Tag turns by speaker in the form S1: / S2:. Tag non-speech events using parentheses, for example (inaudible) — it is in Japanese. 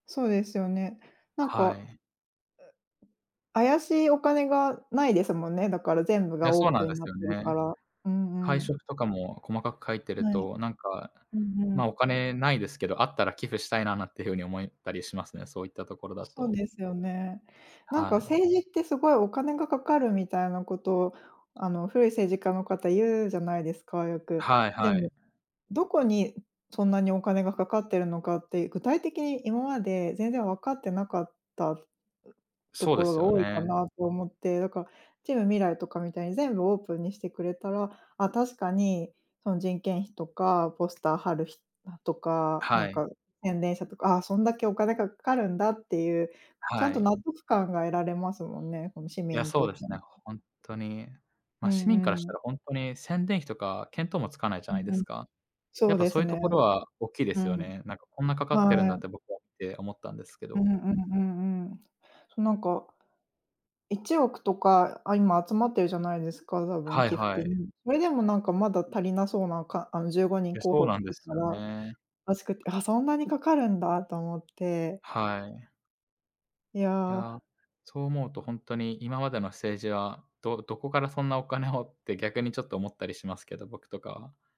S1: そうですよね、なん
S2: は
S1: か
S2: い。
S1: 怪しいお金がないですもんね、だから全部
S2: い
S1: が
S2: や、
S1: オー
S2: そうな
S1: プ
S2: ん
S1: ン
S2: で
S1: にな
S2: す
S1: っ
S2: よ
S1: てるか
S2: ね。
S1: ら、うん
S2: 会
S1: うん。
S2: 食とかも細かく書いてる
S1: はい。
S2: と、なんか、
S1: うんう
S2: ま、
S1: ん。
S2: お金ないですけど、あったら寄付したいななんていう風に思ったりしますね、そういったところだ
S1: そう
S2: と。
S1: ですよね。なんか
S2: はい。
S1: 政治ってすごいお金がかかるみたいなことを、あの古い政治家の方言うじゃないですか、よく。
S2: はい
S1: で
S2: はい。
S1: もどこに、そんなにお金がかかっているのかって、具体的に今まで全然わかってなかった、と
S2: そう
S1: こ
S2: で
S1: ろ
S2: す
S1: が
S2: よ
S1: 多いか
S2: ね。
S1: なと思って、だから、チームみらいとかみたいに全部オープンにしてくれたら、あ、確かに、その人件費とか、ポスター貼るひとか、なん
S2: はい。
S1: か宣伝者とか、あ、そんだけお金がかかるんだっていう、ちゃ
S2: は
S1: んと納
S2: い。
S1: 得感が得られますもんね、こ
S2: (unintelligible)
S1: の市
S2: いや、
S1: 民に
S2: そ
S1: とっ
S2: う
S1: て
S2: ですね、
S1: も。
S2: 本当に。
S1: う
S2: ま、市民
S1: ん
S2: からし
S1: うん。
S2: たら本当に宣伝費とか見当もつかないじゃ
S1: う
S2: ない
S1: ん
S2: で
S1: うん、
S2: すか。
S1: そ
S2: やっ
S1: う
S2: ぱ
S1: で
S2: そ
S1: す
S2: ういうと
S1: ね。
S2: ころは大きいで
S1: う
S2: すよ
S1: ん。
S2: ね。なんかこんなかかってる
S1: は
S2: んだっ
S1: い。
S2: て僕は見て思ったんですけ
S1: うんう
S2: ど。
S1: んうんうん、そうなんか、1億とか、あ、今集まってるじゃないですか、多分
S2: はい
S1: 寄付
S2: はい。
S1: 金。それでもなんかまだ足りなそうなか、あのじゅうごに
S2: い
S1: ん
S2: や、
S1: 候
S2: そう
S1: 補
S2: なんで
S1: い
S2: す
S1: た
S2: よ
S1: ら、
S2: ね。
S1: あしかけ、あ、そんなにかかるんだと思って。
S2: はい。
S1: い
S2: い
S1: や。
S2: や、そう思うと本当に今までの政治は、どどこからそんなお金をって逆にちょっと思ったりしますけど、僕とかは。